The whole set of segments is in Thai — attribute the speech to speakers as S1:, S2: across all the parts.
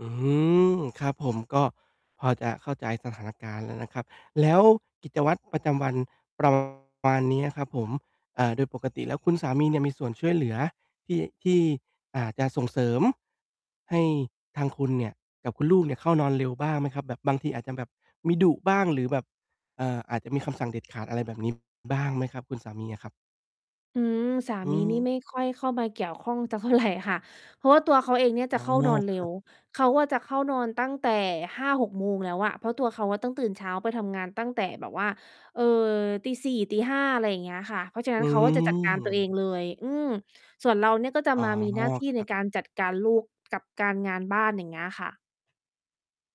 S1: อือฮึ ครับผม ก็ พอจะเข้าใจสถานการณ์แล้วนะครับ แล้วกิจวัตรประจำวัน ประ มาณเนี้ยครับผม เอ่อ โดยปกติแล้วคุณสามีเนี่ยมีส่วนช่วยเหลือที่ ที่ อ่า จะส่งเสริม ให้ทางคุณเนี่ยกับคุณลูกเนี่ยเข้านอนเร็วบ้างไหมครับ? แบบบางทีอาจจะแบบมีดุบ้าง หรือแบบ เอ่อ อาจจะมีคำสั่งเด็ดขาดอะไรแบบนี้ บ้างไหมครับ คุณสามีอะครับ?
S2: อืม สา
S1: อ
S2: มีนี่
S1: ือ
S2: ไม่ค่อยเข้ามาเกี่ยวข้องสัก เท่าไร ค่ะ เพราะว่าตัวเขาเองเนี่ย
S1: อ
S2: จ
S1: ๋
S2: ะ
S1: อ
S2: เข้า
S1: ง
S2: น
S1: อ
S2: อน
S1: ก
S2: เร
S1: ค
S2: ็
S1: รับ
S2: ว เขาอะจะเข้านอนตั้งแต่ 5-6 โมงแล้วอะ เพราะตัวเขาอะต้องตื่นเช้าไปทำงานตั้งแต่แบบว่า เอ่อ 4:00 5:00 อะไรอย่างเงี้ยค่ะ เพราะฉะนั้
S1: อื
S2: นเขาก็จะจัดการตัวเอง
S1: อ
S2: เลย อืม ส่วนเราเนี่ย ก็จะ
S1: อ๋อ
S2: มามีหน้าที่
S1: ค
S2: ใ
S1: ร
S2: น
S1: ับ
S2: การจัดการลูกกับการ งานบ้าน อย่างเงี้ยค่ะ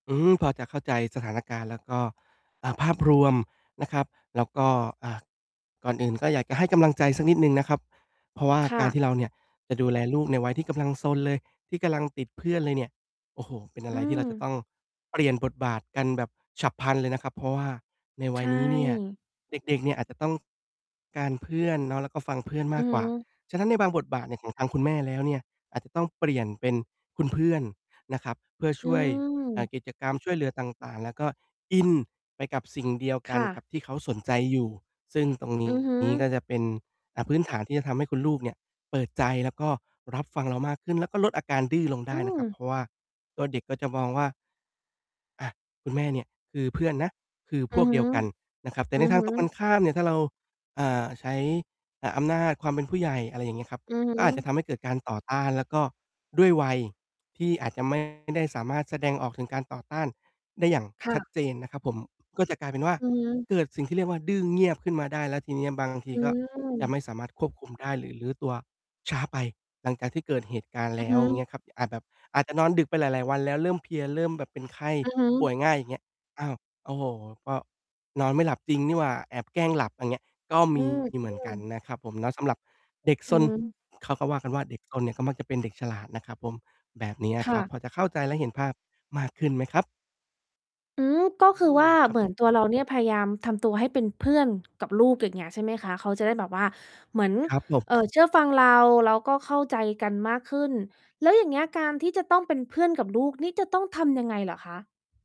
S1: อือ พอจะเข้าใจสถานการณ์แล้วก็ อ่า ภาพรวมนะครับ แล้วก็ อ่า ก่อนอื่นก็อยากจะให้กำลังใจสักนิดหนึ่งนะครับ เพราะว่า
S2: ค่
S1: กา
S2: ะ
S1: รที่เราเนี่ยจะดูแลลูกในวัยที่กำลังซนเลย ที่กำลังติดเพื่อนเลยเนี่ย โอ้โฮ! เป็นอะ
S2: อื
S1: ไรที่เราจะต
S2: ม
S1: ้องเปลี่ยนบทบาทกันแบบฉับพลันเลยนะครับ เพราะว่าในว
S2: ใ
S1: ัย
S2: ช
S1: นี้เนี่ย
S2: ่
S1: เด็ก ๆ เนี่ยอาจจะต้อง การเพื่อนเนาะ แล้วก็ฟังเพื่อน
S2: อ
S1: ม
S2: ื
S1: าก
S2: อฮ
S1: กว่า
S2: ึ
S1: ฉะนั้นในบางบทบาทของทางคุณแม่แล้วเนี่ย อาจจะต้องเปลี่ยนเป็นคุณเพื่อนนะครับ เพื่อ
S2: อ
S1: ช
S2: ื
S1: ่วย อ่า
S2: ม
S1: กิจกรรมช่วยเหลือต่าง ๆ แล้วก็อินไปกับสิ่งเดียวก
S2: ค
S1: ัน
S2: ่
S1: ก
S2: ะ
S1: ับที่เขาสนใจอยู่ ซึ่งตรง น
S2: อ
S1: ี
S2: ือฮึ
S1: ้ ก็จะเป็น อ่า พื้นฐานที่จะทำให้คุณลูกเนี่ยเปิดใจ แล้วก็รับฟังเรามากขึ้น แล้วก็ลดอาการดื้อลงไ
S2: อ
S1: ด
S2: ื
S1: ้นะครั
S2: ม
S1: บ เพราะว่าตัวเด็กก็จะมองว่า อ่า คุณแม่เนี่ยคือเพื่อนนะ คือ
S2: อ
S1: พ
S2: ื
S1: ว
S2: อ
S1: ก
S2: ฮ
S1: เดี
S2: ึ
S1: ยวกันนะครับ แต่
S2: อื
S1: ใน
S2: อ
S1: ท
S2: ฮ
S1: าง
S2: ึ
S1: ตรงกันข้ามเนี่ย ถ้าเรา อ่า ใช้ อ่า อำนาจความเป็นผู้ใหญ่ อะไรอย่างเงี้ยครับ
S2: อือฮ
S1: ก็อาจจะท
S2: ึ
S1: ำให้เกิดการต่อต้าน แล้วก็ด้วยวัยที่อาจจะ ไม่ ได้สามารถแสดงออกถึงการต่อต้านได้อย่าง
S2: ค่
S1: ชัด
S2: ะ
S1: เจนนะครับผม ก็จะกลายเป็นว่า
S2: อือฮึ
S1: เกิดสิ่งที่เรียกว่า "ดื้อเงียบ" ขึ้นมาได้ แล้วทีเนี้ยบางที
S2: อื
S1: ก็จะไม
S2: ม
S1: ่สามารถ ควบคุมได้ หรือรื้อตัวช้าไปหลังจากที่เกิดเหตุการณ์
S2: อ
S1: แ
S2: ื
S1: ล
S2: อ
S1: ้
S2: ฮ
S1: วอย่าง
S2: ึ
S1: เงี้ยครับ อาจแบบ อาจจะนอนดึกไปหลาย ๆ วันแล้วเริ่มเพลีย เริ่มแบบเป็นไข้
S2: อือฮ
S1: ป่
S2: ึ
S1: วยง่าย อย่างเงี้ย "อ้าว โอ้โฮ! ก็ นอนไม่หลับจริงนี่หว่า แอบแกล้งหลับ" อย่างเงี้ย ก็
S2: อ
S1: ม
S2: ื
S1: ี
S2: ม
S1: เ
S2: อ
S1: ห
S2: ื
S1: มือนกัน
S2: ม
S1: นะครับผมเนาะ สำหรับเด็กซ
S2: อือ
S1: น
S2: ฮึ
S1: เขาก็ว่ากันว่า "เด็กซนเนี่ยก็มักจะเป็นเด็กฉลาด" นะครับผม แบบเนี้ย
S2: ค
S1: ค
S2: ่
S1: รับ
S2: ะ
S1: พอจะเข้าใจและเห็นภาพมากขึ้นไหมครับ?
S2: อืม ก็
S1: อื
S2: คือว
S1: ม
S2: ่า
S1: ครั
S2: เ
S1: บ
S2: หมื
S1: ผ
S2: อ
S1: ม
S2: นตัวเราเนี่ยพยายามทำตัวให้เป็นเพื่อนกับลูก อย่างเงี้ยใช่ไหมคะ? เขาจะได้แบบว่าเหมือน
S1: ครับ ผ
S2: เอ่อ
S1: ม
S2: เชื่อฟังเรา แล้วก็เข้าใจกันมากขึ้น แล้วอย่างเงี้ยการที่จะต้องเป็นเพื่อนกับลูกนี่จะต้องทำยังไงเหรอคะ?